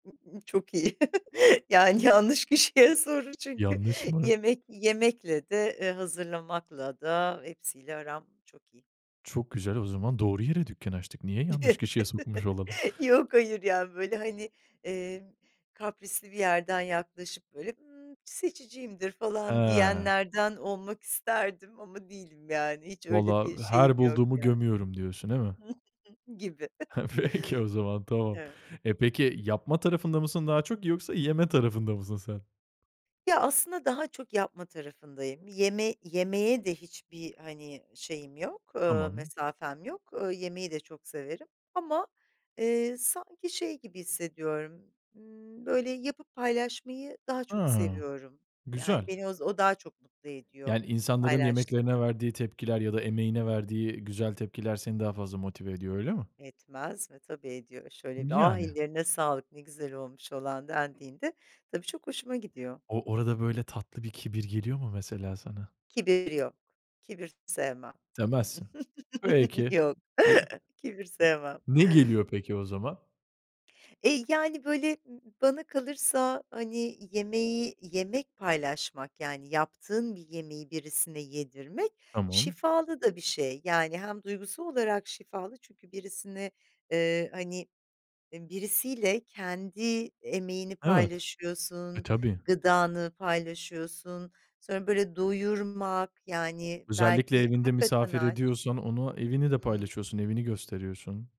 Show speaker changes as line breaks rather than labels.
Iıı, çok iyi, yani, yanlış kişiye soru çünkü
Yanlış mı?
yemek yemekle de, eee, hazırlamakla da hepsiyle aram çok iyi.
Çok güzel o zaman doğru yere dükkân açtık. Niye yanlış
Evet.
kişiye sormuş olalım?
Yok, hayır, ya böyle, hani, eee, kaprisli bir yerden yaklaşıp böyle, ımm, seçiciyimdir falan
Ha.
diyenlerden olmak isterdim ama değilim, yani, hiç öyle
Valla,
bir şeyim
her
yok
bulduğumu
yani,
gömüyorum diyorsun, değil mi?
gibi.
Heh, peki o zaman tamam.
Evet.
E, peki, yapma tarafında mısın daha çok yoksa yeme tarafında mısın sen?
Ya, aslında daha çok yapma tarafındayım, yeme yemeğe de hiçbir, hani, şeyim yok, ııı,
Tamam.
mesafem yok, ııı, yemeği de çok severim ama, eee, sanki şey gibi hissediyorum, ımm, böyle, yapıp paylaşmayı daha çok
Ha.
seviyorum. Yani,
Güzel.
beni oz o daha çok mutlu ediyor
Yani, insanların yemeklerine
paylaştığımda.
verdiği tepkiler ya da emeğine verdiği güzel tepkiler, seni daha fazla motive ediyor öyle mi?
Etmez mi, tabii ediyor, şöyle bir, "A,
Yani.
ellerine sağlık, ne güzel" olmuş." falan dendiğinde, tabii çok hoşuma gidiyor.
O orada böyle tatlı bir kibir geliyor mu, mesela sana?
Kibir yok, kibir sevmem, ı
Demezsin.
ıh.
Peki.
Yok,
E
kibir sevmem.
Ne geliyor peki o zaman?
Eee, yani, böyle, bana kalırsa, hani, yemeği, yemek paylaşmak, yani, yaptığın bir yemeği birisine yedirmek
Tamam.
şifalı da bir şey. Yani, hem duygusal olarak şifalı çünkü birisini, ııı, hani, birisiyle kendi emeğini
Evet. E,
paylaşıyorsun,
tabii.
gıdanı paylaşıyorsun, sonra, böyle, doyurmak, yani,
Özellikle
belki
evinde
hakikaten
misafir
aç.
ediyorsan onu, evini de
Hımm.
paylaşıyorsun, evini gösteriyorsun.